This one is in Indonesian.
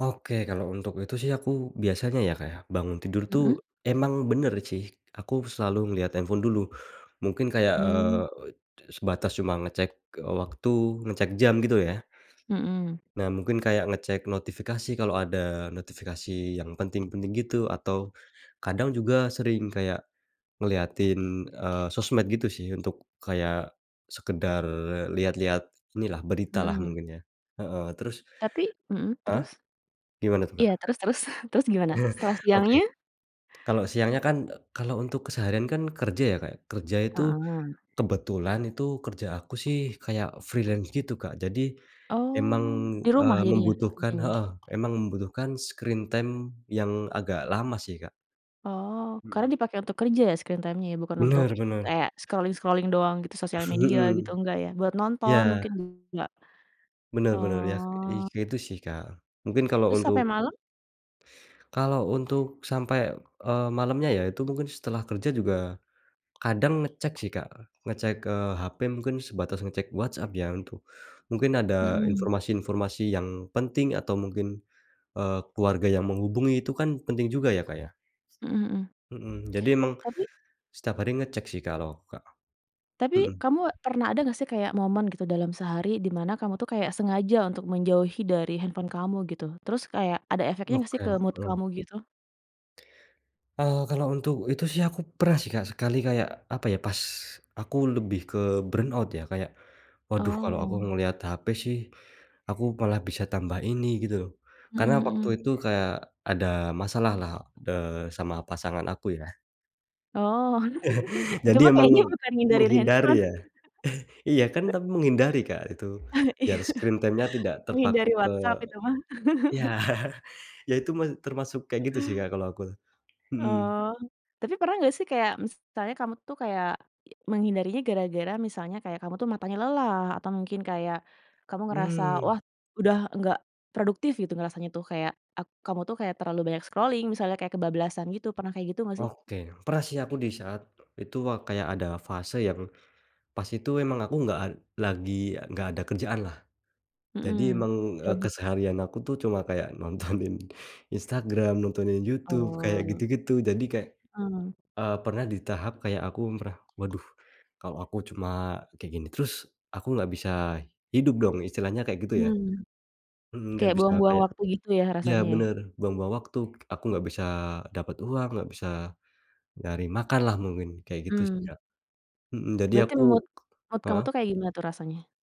Oke, kalau untuk itu sih aku biasanya ya, Kak, ya, bangun tidur tuh Mhm. emang bener sih, aku selalu ngelihat handphone dulu mungkin kayak, eee, Mmm. sebatas cuma ngecek, eee, waktu, ngecek jam, gitu, ya. Mhm. Nah, mungkin kayak ngecek notifikasi, kalau ada notifikasi yang penting-penting gitu, atau kadang juga sering kayak ngeliatin, eee, sosmed gitu sih, untuk kayak sekedar lihat-lihat ini lah, berita lah, Mhm. mungkin ya, heeh. Terus Tapi mhm, Heeh? terus? Gimana tuh, Iya, Kak? terus terus, terus gimana setelah Oke, siangnya? kalau siangnya kan, kalau untuk keseharian kan kerja ya, Kak, ya, kerja itu Heeh. kebetulan itu kerja aku sih kayak freelance gitu, Kak, jadi emang, Oh, di eee, rumah jadinya membutuhkan kerjanya? heeh, emang membutuhkan screen time yang agak lama sih, Kak. Oh, karena Mhm. dipakai untuk kerja ya, screen time-nya ya, bukan untuk Bener, bener. kayak scrolling-scrolling doang gitu sosial media gitu Mhm, enggak ya, buat nonton iya. mungkin nggak? Bener bener, ya, ih Oh. ya, itu sih, Kak, mungkin kalo Terus sampai untuk malam? Kalo untuk sampe, eee, malemnya ya, itu mungkin setelah kerja juga kadang ngecek sih, Kak. Ngecek, eee, hp mungkin sebatas ngecek WhatsApp ya itu, mungkin ada Mhm. informasi-informasi yang penting atau mungkin, eee, keluarga yang menghubungi itu kan penting juga ya, Kak, ya. Mhm mhm. Mhm, jadi emang Tapi setiap hari ngecek sih, kalau aku, Kak, Tapi mhm. kamu pernah ada nggak sih, kayak momen gitu dalam sehari dimana kamu tuh kayak sengaja untuk menjauhi dari handphone kamu, gitu? Terus kayak ada efeknya nggak sih ke Oke, mood mhm. kamu, gitu? Eee, kalo untuk itu sih, aku pernah sih, Kak, sekali, kayak, apa ya, pas aku lebih ke burn out ya, kayak, "Waduh, kalau aku Oh. ngelihat HP sih aku malah bisa tambah ini", gitu loh, Mhm karena waktu mhm. itu kayak ada masalah lah, eee, sama pasangan aku, ya. Oh, itu Jadi mah emang kayaknya bukan ngehindarin handphone. menghindari, ya. Iya, kan tapi menghindari, Kak, itu. Iya, Biar screen time-nya tidak menghindari terpaku ke WhatsApp itu mah. iya. Ya, itu mas termasuk kayak gitu sih, Kak, kalau aku, mhm. Oh, tapi pernah nggak sih, kayak misalnya kamu tuh kayak menghindarinya gara-gara misalnya kayak kamu tuh matanya lelah, atau mungkin kayak kamu ngerasa, Hmm. wah, udah nggak produktif gitu, ngerasanya tuh, kayak ak kamu tuh kayak terlalu banyak scrolling misalnya, kayak kebablasan gitu pernah kayak gitu nggak, sih? Oke, pernah sih aku di saat itu wa kayak ada fase yang pas itu emang aku nggak ad lagi nggak ada kerjaan, lah. Jadi Mhm, emang, eee, gabut. keseharian aku tuh cuma kayak nontonin Instagram, nontonin YouTube kayak Oh. gitu-gitu. Jadi kayak, Mhm. eee, pernah di tahap kayak aku pernah, "Waduh, kalau aku cuma kayak gini terus, aku nggak bisa hidup, dong.", istilahnya kayak gitu, ya. Hmm, Mhm, nggak kayak bisa buang-buang kayak waktu gitu ya, ya, rasanya, ya. bener, buang-buang waktu, aku nggak bisa dapet uang, nggak bisa nyari makan lah, mungkin kayak gitu sih, Mmm. Kak. Mhm, jadi Berarti aku mood mood kamu heeh. tuh, kayak gimana tuh, rasanya?